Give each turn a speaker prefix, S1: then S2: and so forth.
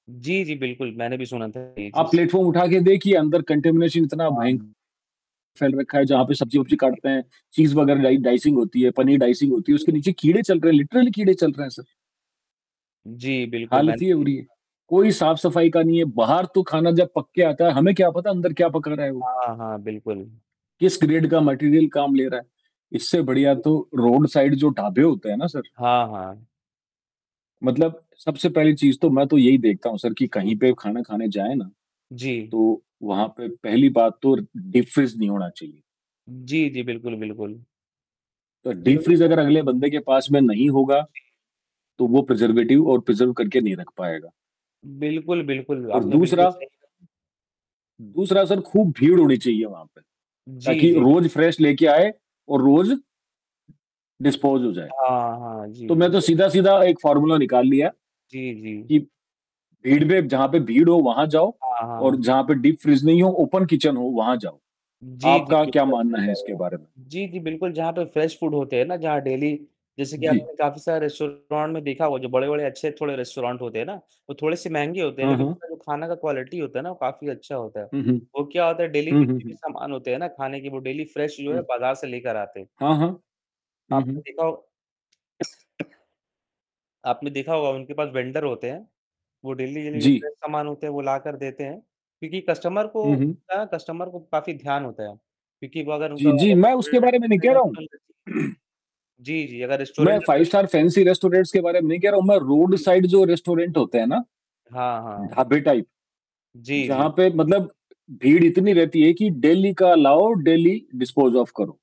S1: जी, जी, बिल्कुल, मैंने भी सुना था ये
S2: आप
S1: चीज़।
S2: प्लेटफॉर्म उठा के देखिए अंदर कंटामिनेशन इतना भयंक
S1: हाँ।
S2: फैल रखा है जहाँ पे
S1: जी,
S2: सब्ज़ी-वब्जी
S1: जी।
S2: काटते हैं। चीज़ वग़ैरह की डाई डाइसिंग होती है, पनीर डाइसिंग होती है,
S1: जी,
S2: उसके
S1: जी।
S2: नीचे कीड़े चल रहे हैं, लिटरली कीड़े चल रहे हैं सर।
S1: जी, बिल्कुल, मैंने
S2: हालत ये
S1: भी ये
S2: हो रही है।
S1: सुना था।
S2: कोई साफ़ सफ़ाई का नहीं है। बाहर तो खाना जब पक के आता है हमें क्या पता है अंदर क्या पका रहा है वो?
S1: हाँ, हाँ, बिल्कुल।
S2: किस ग्रेड का मटीरियल काम ले रहा है? इससे बढ़िया
S1: जी, जी।
S2: तो रोड साइड जो ढाबे होते हैं ना सर
S1: हाँ, हाँ।
S2: मतलब सबसे पहली चीज़ तो मैं तो यही देखता हूँ सर कि
S1: जी,
S2: कहीं
S1: जी।
S2: पे खाना खाने जाए ना,
S1: जी।
S2: तो वहाँ पे पहली बात तो डीपफ्रीज़ नहीं होना चाहिए।
S1: जी, जी, बिल्कुल, बिल्कुल।
S2: तो
S1: बिल्कुल।
S2: डीपफ्रीज़ अगर
S1: [unintelligible]
S2: अगले बंदे के पास में नहीं होगा।
S1: जी।
S2: तो वो प्रिज़र्वेटिव और प्रिज़र्व करके नहीं रख पायेगा।
S1: बिल्कुल, बिल्कुल
S2: और
S1: आपने बिल्कुल
S2: दूसरा
S1: सही कहा।
S2: दूसरा सर खूब भीड़ होनी चाहिए वहाँ पे,
S1: जी,
S2: ताकि
S1: जी,
S2: रोज़
S1: बिल्कुल।
S2: फ्रेश लेके आए और रोज़ डिस्पोज़ हो जाए।
S1: हाँ, हाँ,
S2: तो
S1: जी।
S2: मैं तो
S1: जब कि
S2: सीधा-सीधा एक फॉर्मूला निकाल लिया है।
S1: जी, जी।
S2: कि भीड़ में जहाँ पे भीड़ हो वहाँ जाओ
S1: हाँ,
S2: और
S1: हाँ।
S2: जहाँ पे डीपफ्रीज़ नहीं हो, ओपन किचन हो वहाँ जाओ।
S1: जी, जी,
S2: आपका क्या
S1: बिल्कुल आप सही
S2: मानना
S1: कह
S2: है
S1: रहे
S2: इसके
S1: हैं।
S2: बारे में?
S1: जी, जी, बिल्कुल जहाँ पे फ्रेश फूड होते हैं ना जहाँ डेली जैसे कि
S2: जी।
S1: आपने काफ़ी सारे रेस्टोरेंट में देखा होगा जो बड़े-बड़े अच्छे थोड़े रेस्टोरेंट होते हैं ना वो थोड़े से महंगे होते हैं
S2: हाँ,
S1: लेकिन
S2: हाँ।
S1: जो खाना का क्वालिटी होता है ना वो काफ़ी अच्छा होता है।
S2: हुँ, हुँ।
S1: वो क्या होता है डेली
S2: हुँ, हुँ,
S1: जितने भी
S2: हुँ।
S1: सामान होते हैं ना खाने के वो डेली फ्रेश जो है
S2: हुँ।
S1: बाज़ार से लेकर आते हैं।
S2: हाँ, हाँ। हुँ,
S1: आपने
S2: हुँ।
S1: देखा हो आपने देखा होगा उनके पास वेंडर होते हैं, वो डेली-डेली जो
S2: जी।
S1: फ्रेश सामान होते हैं वो लाकर देते हैं। क्योंकि कस्टमर को
S2: हुँ, हुँ।
S1: क्या है कस्टमर को काफ़ी ध्यान होता है। क्योंकि वो अगर
S2: जी।
S1: उनका
S2: जी, मैं उसके बारे में नहीं कह रहा हूँ।
S1: [unintelligible] जी, जी अगर
S2: मैं
S1: रेस्टोरेंट
S2: 5
S1: अगर
S2: स्टार फैंसी रेस्टोरेंट्स के बारे में नहीं कह रहा हूँ, मैं रोड
S1: जी, जी।
S2: साइड जो रेस्टोरेंट होते हैं ना,
S1: हाँ, हाँ।
S2: ढाबे टाइप
S1: जी,
S2: जहाँ
S1: जी।
S2: पे मतलब भीड़ इतनी रहती है कि डेली का
S1: जी।
S2: लाओ डेली डिस्पोज़ ऑफ करो।